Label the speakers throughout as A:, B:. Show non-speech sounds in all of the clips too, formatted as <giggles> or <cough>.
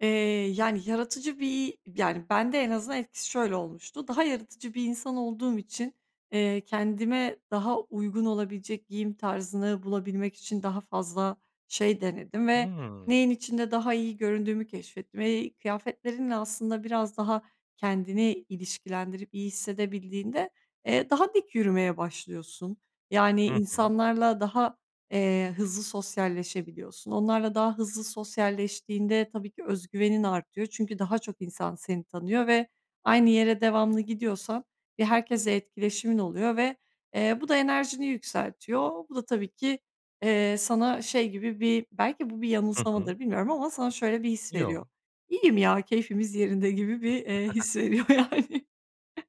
A: Eee, yani yaratıcı bir yani ben de en azından etkisi şöyle olmuştu; daha yaratıcı bir insan olduğum için, eee, kendime daha uygun olabilecek giyim tarzını bulabilmek için daha fazla şey denedim ve
B: Hıı.
A: neyin içinde daha iyi göründüğümü keşfettim. Eee, kıyafetlerinle aslında biraz daha kendini ilişkilendirip iyi hissedebildiğinde, eee, daha dik yürümeye başlıyorsun. Yani
B: Hı hı.
A: insanlarla daha, eee, hızlı sosyalleşebiliyorsun. Onlarla daha hızlı sosyalleştiğinde tabii ki öz güvenin artıyor. Çünkü daha çok insan seni tanıyor ve aynı yere devamlı gidiyorsan bir herkesle etkileşimin oluyor ve, eee, bu da enerjini yükseltiyor. Bu da tabii ki, eee, sana şey gibi bir -belki bu bir
B: Hı hı.
A: yanılsamadır bilmiyorum ama sana şöyle bir his veriyor;
B: Yo.
A: "İyiyim ya, keyfimiz yerinde." gibi bir, eee,
B: <giggles>
A: his veriyor yani. <chuckles>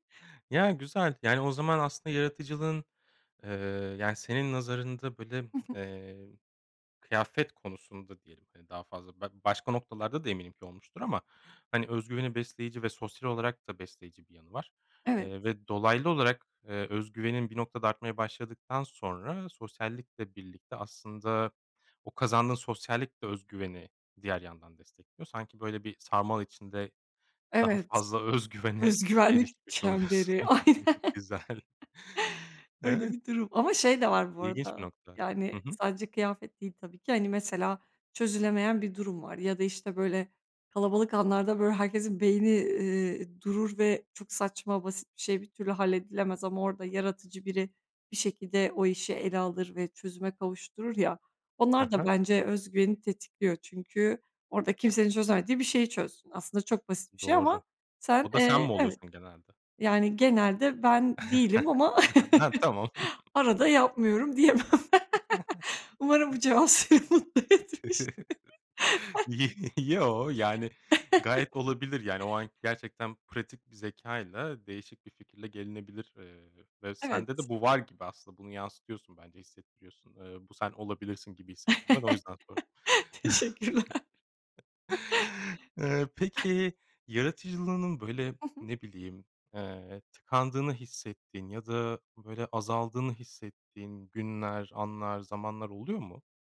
B: Ya, güzel. Yani, o zaman aslında yaratıcılığın, eee, yani senin nazarında, böyle,
A: Hı hı.
B: eee, kıyafet konusunda diyelim, hani, daha fazla be başka noktalarda da eminim ki olmuştur ama, hani, öz güveni besleyici ve sosyal olarak da besleyici bir yanı var.
A: Evet.
B: Eee, ve dolaylı olarak, eee, öz güvenin bir noktada artmaya başladıktan sonra sosyallikle birlikte aslında, o kazandığın sosyallik de öz güveni diğer yandan destekliyor. Sanki böyle bir sarmal içinde daha
A: Evet,
B: fazla öz güvene
A: öz güvenlik
B: erişmiş oluyorsun.
A: çemberi. Aynen
B: <chuckles> Güzel.
A: <chuckles> öyle
B: Evet.
A: bir durum ama şey de var bu
B: İlginç bir
A: arada
B: nokta. Hı
A: yani
B: hı.
A: sadece kıyafet değil tabii ki, hani, mesela çözülemeyen bir durum var ya da, işte, böyle, kalabalık anlarda, böyle, herkesin beyni, iii, durur ve çok saçma, basit bir şey bir türlü halledilemez ama orada yaratıcı biri bir şekilde o işi ele alır ve çözüme kavuşturur ya,
B: Hı
A: onlar da
B: hı.
A: bence öz güveni tetikliyor. Çünkü orada kimsenin çözemediği bir şeyi çözsün. Aslında çok basit bir şey ama
B: Doğru.
A: sen,
B: O da sen
A: eee,
B: mi
A: evet,
B: oluyorsun genelde?
A: yani genelde ben değilim ama
B: <chuckles> Heh!
A: <chuckles>
B: Tamam.
A: arada
B: <chuckles>
A: yapmıyorum diyemem. <laughs>
B: <chuckles>
A: Umarım bu cevap seni mutlu etmiştir.
B: <chuckles>
A: <laughs>
B: Y <chuckles> yo, yani gayet
A: <chuckles>
B: olabilir. Yani o an gerçekten pratik bir zekâyla değişik bir fikirle gelinebilir, eee, ve sende
A: Evet.
B: de bu var gibi aslında. Bunu yansıtıyorsun bence, hissettiriyorsun. Eee, bu sen olabilirsin gibi hissettim ben, o yüzden sordum.
A: <laughs> Teşekkürler.
B: <chuckles>
A: <chuckles>
B: Eee,
A: <chuckles>
B: peki yaratıcılığının, böyle,
A: Hı hı.
B: ne bileyim, eee, tıkandığını hissettiğin ya da, böyle, azaldığını hissettiğin günler, anlar, zamanlar oluyor mu?